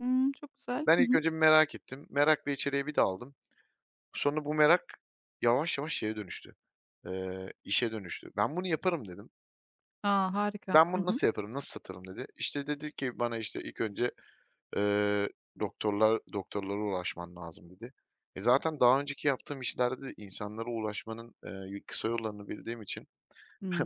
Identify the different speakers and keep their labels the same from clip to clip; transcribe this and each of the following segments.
Speaker 1: Hıı, çok güzel.
Speaker 2: Ben,
Speaker 1: Hı
Speaker 2: ilk
Speaker 1: hı.
Speaker 2: önce bir merak ettim, merakla içeriye bir daldım. Sonra bu merak yavaş yavaş şeye dönüştü, eee, işe dönüştü. "Ben bunu yaparım." dedim.
Speaker 1: A, harika.
Speaker 2: "Ben,
Speaker 1: Hı
Speaker 2: bunu
Speaker 1: hı.
Speaker 2: nasıl yaparım, nasıl satırım?" dedi. İşte, dedi ki bana, işte, ilk önce, eee, "Doktorlar doktorlara ulaşman lazım." dedi. E, zaten daha önceki yaptığım işlerde de insanlara ulaşmanın, eee, yü kısa yollarını bildiğim için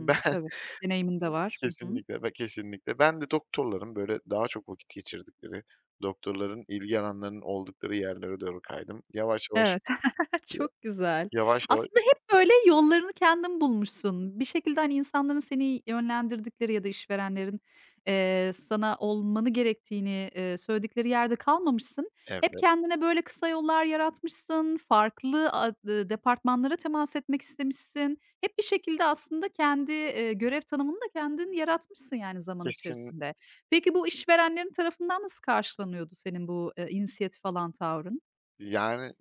Speaker 2: ben,
Speaker 1: Tabii, deneyimin de var. Hı hı.
Speaker 2: kesinlikle ve kesinlikle, ben de doktorların böyle daha çok vakit geçirdikleri, doktorların ilgi alanlarının oldukları yerlere doğru kaydım. Yavaş yavaş,
Speaker 1: Evet.
Speaker 2: ya
Speaker 1: Çok güzel.
Speaker 2: yavaş yava
Speaker 1: Aslında hep, böyle, yollarını kendin bulmuşsun. Bir şekilde, hani, insanların seni yönlendirdikleri ya da işverenlerin, eee, sana olmanı gerektiğini, eee, söyledikleri yerde kalmamışsın. Hep
Speaker 2: Evet.
Speaker 1: kendine, böyle, kısa yollar yaratmışsın, farklı a dı departmanlara temas etmek istemişsin. Hep bir şekilde aslında kendi, eee, görev tanımını da kendin yaratmışsın, yani, zaman
Speaker 2: Kesin
Speaker 1: içerisinde. Peki, bu işverenlerin tarafından nasıl karşılanıyordu senin bu, eee, inisiyatif alan tavrın?
Speaker 2: Yani,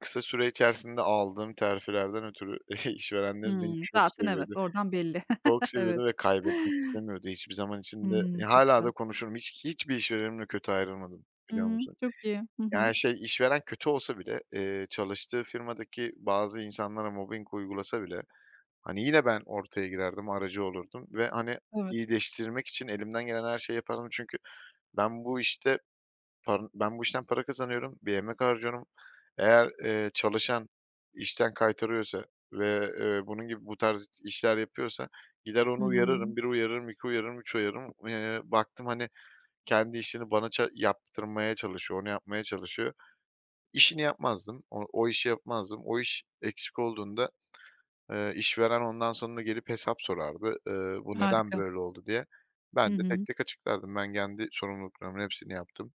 Speaker 2: kısa süre içerisinde aldığım terfilerden ötürü işverenlerim
Speaker 1: Hıı.
Speaker 2: beni çok
Speaker 1: Zaten
Speaker 2: seviyordu.
Speaker 1: evet, oradan belli.
Speaker 2: Çok
Speaker 1: Evet.
Speaker 2: seviyordu ve kaybetmek istemiyordu hiçbir zaman için de.
Speaker 1: Hıı.
Speaker 2: Ya,
Speaker 1: Çok
Speaker 2: hâlâ da
Speaker 1: güzel.
Speaker 2: konuşurum, hiç hiçbir işverenimle kötü ayrılmadım, biliyor
Speaker 1: Iıı.
Speaker 2: musun?
Speaker 1: Çok iyi. Hı hı.
Speaker 2: Yani, şey işveren kötü olsa bile, eee, çalıştığı firmadaki bazı insanlara mobbing uygulasa bile, hani, yine ben ortaya girerdim, aracı olurdum ve, hani,
Speaker 1: Evet.
Speaker 2: iyileştirmek için elimden gelen her şeyi yapardım çünkü ben bu, işte par ben, bu işten para kazanıyorum, bir emek harcıyorum, eğer, eee, çalışan işten kaytarıyorsa ve, eee, bunun gibi bu tarz işler yapıyorsa gider
Speaker 1: Hı
Speaker 2: onu
Speaker 1: hı.
Speaker 2: uyarırım, 1 uyarırım, 2 uyarırım, 3 uyarırım. Eee, baktım, hani, kendi işini bana ça yaptırmaya çalışıyor, onu yapmaya çalışıyor. İşini yapmazdım, o o işi yapmazdım. O iş, eksik olduğunda, eee, işveren ondan sonra gelip hesap sorardı, eee, "Bu neden
Speaker 1: Harika.
Speaker 2: böyle oldu?" diye.
Speaker 1: Hı
Speaker 2: Ben de tek
Speaker 1: hı.
Speaker 2: tek açıklardım, ben kendi sorumluluklarımın hepsini yaptım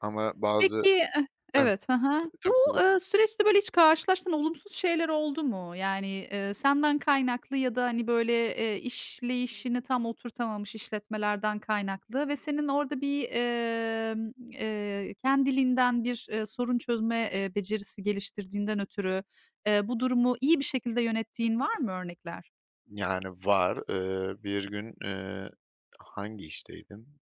Speaker 2: ama bazı
Speaker 1: Peki,
Speaker 2: E
Speaker 1: eh evet, hı hı. Bu,
Speaker 2: Tabii, tabii.
Speaker 1: eee, süreçte, böyle, hiç karşılaştığın olumsuz şeyler oldu mu? Yani, eee, senden kaynaklı ya da, hani, böyle, eee, işleyişini tam oturtamamış işletmelerden kaynaklı ve senin orada bir, emm, eee, kendiliğinden bir, eee, sorun çözme, eee, becerisi geliştirdiğinden ötürü, eee, bu durumu iyi bir şekilde yönettiğin var mı örnekler?
Speaker 2: Yani, var. Eee, bir gün, eee, hangi işteydim